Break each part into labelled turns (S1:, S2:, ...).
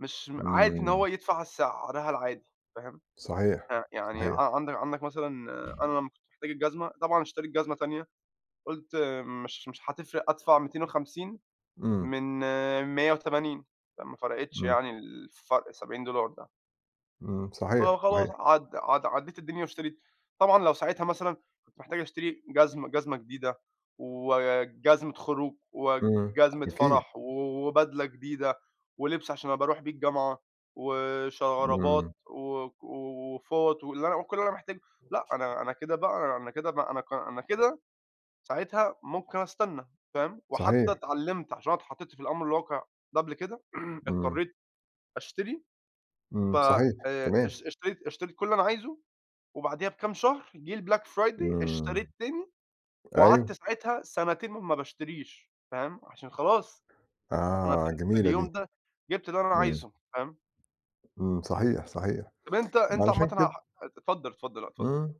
S1: مش عادي إن
S2: إمم.
S1: هو يدفَع سعرها العادي، فاهِم.
S2: صحيح،
S1: ه يعني
S2: صحيح.
S1: ع عندك عندك مثلًا، أنا لمَّا كنت محتاج الجزمة، طبعًا اشترَيت جزمة تانية، قُلت مش مش هتفرِّق، أدفَع 250
S2: إمم.
S1: من 180، فما فرقِتش
S2: إمم.
S1: يعني، ال الفرق ال70$ ده.
S2: إمم. صحيح،
S1: فخلاص
S2: صحيح.
S1: عد عد عدِّيت الدنيا واشتريت، طبعًا لو ساعتها مثلًا كنت محتاج أشتري جزمة- جزمة جديدة، وجزمة خروج،
S2: إمم،
S1: وجزمة
S2: أكيد.
S1: فرَح، وبدلة جديدة، ولِبس عشان أبقى أرُوح بيه الجامعة،
S2: إمم.
S1: وشرابات و وفُوَط، واللي أنا وكل اللي أنا محتاجه. لأ، أنا أنا كده بقى أنا كده بق أنا ك أنا كده ساعتها ممكن أستنَّى، فاهم، وحتى
S2: صحيح.
S1: اتعلَّمت، عشان أنا اتحطِّيت في الأمر الواقِع ده قبل كده،
S2: إمم.
S1: اضطرِّيت أشتري، ف
S2: إمم، صحيح،
S1: آآ،
S2: تمام.
S1: اشت اشتريت اشتريت كل اللي أنا عايزه، وبعديها بكام شهر جه الBlack Friday،
S2: إمم.
S1: اشتريت تاني،
S2: أيوه.
S1: وقعدت ساعتها سنتين ما باشتريش، فاهم، عشان خلاص، أنا في
S2: آه،
S1: ال في
S2: جميلة
S1: اليوم
S2: دي.
S1: ده جبت اللي أنا
S2: إمم.
S1: عايزه، فاهم؟
S2: إمم. صحيح، صحيح.
S1: طّب أنتَ أنتَ عامةً
S2: علشان
S1: ه
S2: كده
S1: اتفضل، اتفضل، لأ، اتفضل.
S2: إمم،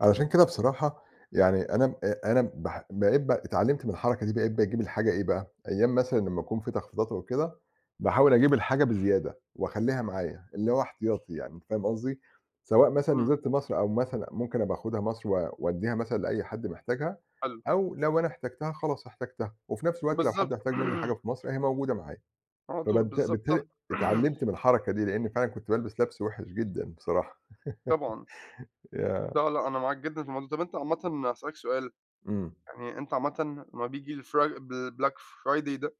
S2: علشان كده بصراحة يعني، أنا أنا بح بقيت ب اتعلَّمت من الحركة دي، بقيت باجيب الحاجة إيه بقى، أيَّام مثلًا لمَّا يكون فيه تخفيضات أو كده، باحاول أجيب الحاجة بزيادة وأخلِّيها معايا، اللي هو احتياطي يعني، أنت فاهِم قصدي؟ سواء مثلًا
S1: إمم.
S2: نِزِلت مصر، أو مثلًا ممكن أبقى آخدها مصر، و وأدِّيها مثلًا لأي حد محتاجها،
S1: حلو.
S2: أو لو أنا احتَجتها خلاص احتَجتها. وفي نفس الوقت لو حد
S1: بالضبط.
S2: احتاج مني حاجة في مصر، أهي موجودة معايا.
S1: على طول.
S2: فبالت
S1: بالضبط، صح.
S2: بالتالي اتعلَّمت من الحركة دي، لإن فعلًا كنت بالبِس لَبْس وِحِش جدًا بصراحة.
S1: طبعًا.
S2: ياه!
S1: لأ لأ، أنا معاك جدًا في الموضوع ده. طَب أنتَ عامةً هاسأَلَك سؤال،
S2: إمم.
S1: يعني أنتَ عامةً لمَّا بييجي الFri الBlack Friday ده